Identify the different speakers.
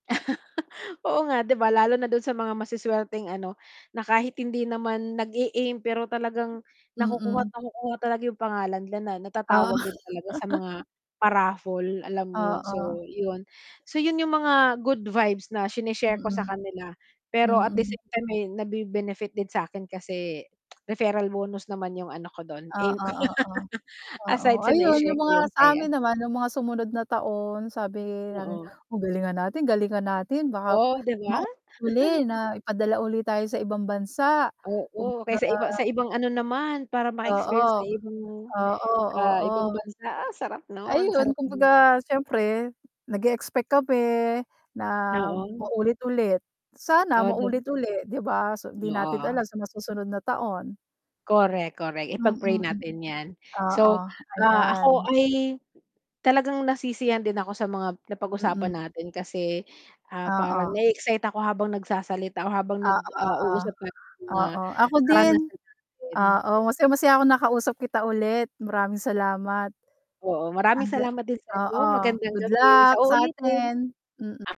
Speaker 1: Oo nga di ba lalo na dun sa mga masuswerteng ano, na kahit hindi naman nag-e-aim pero talagang nakukuha't
Speaker 2: Mm.
Speaker 1: nakukuha talaga yung pangalan nila
Speaker 2: Oo.
Speaker 1: natatawag din talaga sa mga pa-raffle alam mo yun, so
Speaker 2: Oo.
Speaker 1: yun, so yun yung mga good vibes na sine-share ko sa
Speaker 2: Mm.
Speaker 1: kanila pero at the
Speaker 2: Mm.
Speaker 1: same time eh, nabe-benefit din sa'kin kasi referral bonus naman yung ano ko dun, aim
Speaker 2: Oo,
Speaker 1: ko yun.
Speaker 2: oo. Oo,
Speaker 1: Aside sa
Speaker 2: ayun
Speaker 1: nai-share
Speaker 2: yung
Speaker 1: ko
Speaker 2: mga
Speaker 1: yung
Speaker 2: sa
Speaker 1: saya.
Speaker 2: amin naman yung mga sumunod na taon sabi namin,
Speaker 1: Oo.
Speaker 2: o, galingan natin galingan natin baka
Speaker 1: Oh, di ba?
Speaker 2: maulit uli na ipadala uli tayo sa ibang bansa. Kung
Speaker 1: Oo, kaya
Speaker 2: baga
Speaker 1: sa iba sa ibang ano naman para
Speaker 2: Oo,
Speaker 1: maka-experience sa ibang,
Speaker 2: oo,
Speaker 1: ah,
Speaker 2: oo.
Speaker 1: ibang bansa, ah, sarap nun,
Speaker 2: Ayun,
Speaker 1: sarap
Speaker 2: kung
Speaker 1: buhay.
Speaker 2: baga syempre nag-e-expect kami na
Speaker 1: Oo.
Speaker 2: maulit ulit. Sana
Speaker 1: O, de
Speaker 2: maulit ulit di ba, so di natin
Speaker 1: oo.
Speaker 2: alam sa mga susunod na taon.
Speaker 1: Correct, correct. Ipag-pray
Speaker 2: Mm.
Speaker 1: natin yan,
Speaker 2: Oo,
Speaker 1: so, ah, ako
Speaker 2: ayan.
Speaker 1: ay talagang nasisiyahan din ako sa mga
Speaker 2: Mm.
Speaker 1: napag-usapan natin kasi, ah, parang
Speaker 2: Oo.
Speaker 1: na-e-excite ako habang nagsasalita o habang nag,
Speaker 2: Oo,
Speaker 1: ah,
Speaker 2: oo.
Speaker 1: uusap tayo ng mga
Speaker 2: Oo, ako din,
Speaker 1: karanasan natin.
Speaker 2: oo, masayang-masaya ako nakausap kita ulit, maraming salamat
Speaker 1: Oo, maraming
Speaker 2: ang ga
Speaker 1: salamat din
Speaker 2: oo,
Speaker 1: sa'yo magandang
Speaker 2: good
Speaker 1: gabi
Speaker 2: luck
Speaker 1: sa uulitin.
Speaker 2: sa'tin, mm.
Speaker 1: Ah